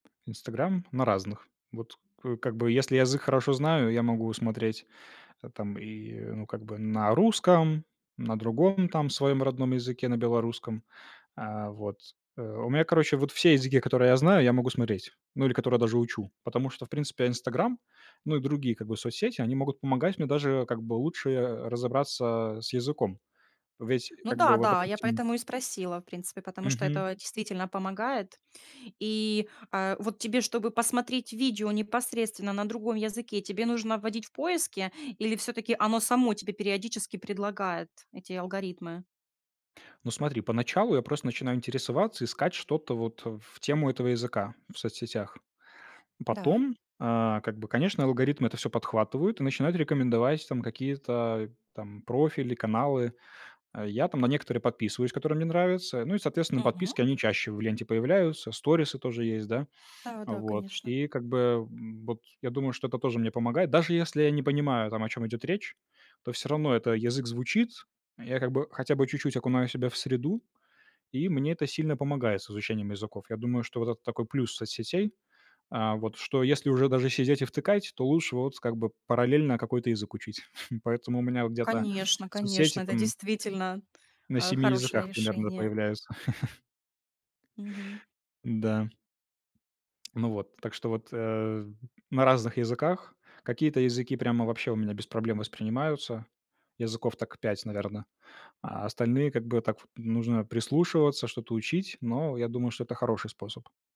"Инстаграм"? На разных. Вот, к как бы, если язык хорошо знаю, я могу смотреть там и, ну, как бы, на русском, на другом там своём родном языке, на белорусском. Э, вот э, у меня, короче, вот все языки, которые я знаю, я могу смотреть, ну, или которые даже учу, потому что, в принципе, "Инстаграм", ну, и другие, как бы, соцсети, они могут помогать мне даже, как бы, лучше, э, разобраться с языком. Ведь, Ну как бы, да, вот, да, я допустим поэтому и спросила, в принципе, потому что Мгм. это действительно помогает. И, э, вот тебе, чтобы посмотреть видео непосредственно на другом языке, тебе нужно вводить в поиске или всё-таки оно само тебе периодически предлагает, эти алгоритмы? Ну, смотри, поначалу я просто начинаю интересоваться, искать что-то вот в тему этого языка в соцсетях. Да. Потом, а, как бы, конечно, алгоритмы это всё подхватывают и начинают рекомендовать, там, какие-то, там, профили, каналы. Э, я там на некоторые подписываюсь, которые мне нравятся. Ну и, соответственно, Мгм. подписки они чаще в ленте появляются, сторисы тоже есть, да. Да-да, Вот, конечно. и как бы вот я думаю, что это тоже мне помогает, даже если я не понимаю, там, о чём идёт речь, то всё равно это язык звучит. А я как бы хотя бы чуть-чуть окунаю себя в среду, и мне это сильно помогает с изучением языков. Я думаю, что вот это такой плюс соцсетей, а, вот, что если уже даже сидеть и втыкать, то лучше вот, как бы, параллельно какой-то язык учить, поэтому у меня где-то Конечно, конечно, соцсети это там действительно, на э, 7 хорошее языках примерно решение. появляются. Мгм. Да. Ну вот, так что вот, э, на разных языках. Какие-то языки прямо вообще у меня без проблем воспринимаются, языков так 5, наверно, а остальные, как бы, так, нужно прислушиваться, что-то учить, но я думаю, что это хороший способ.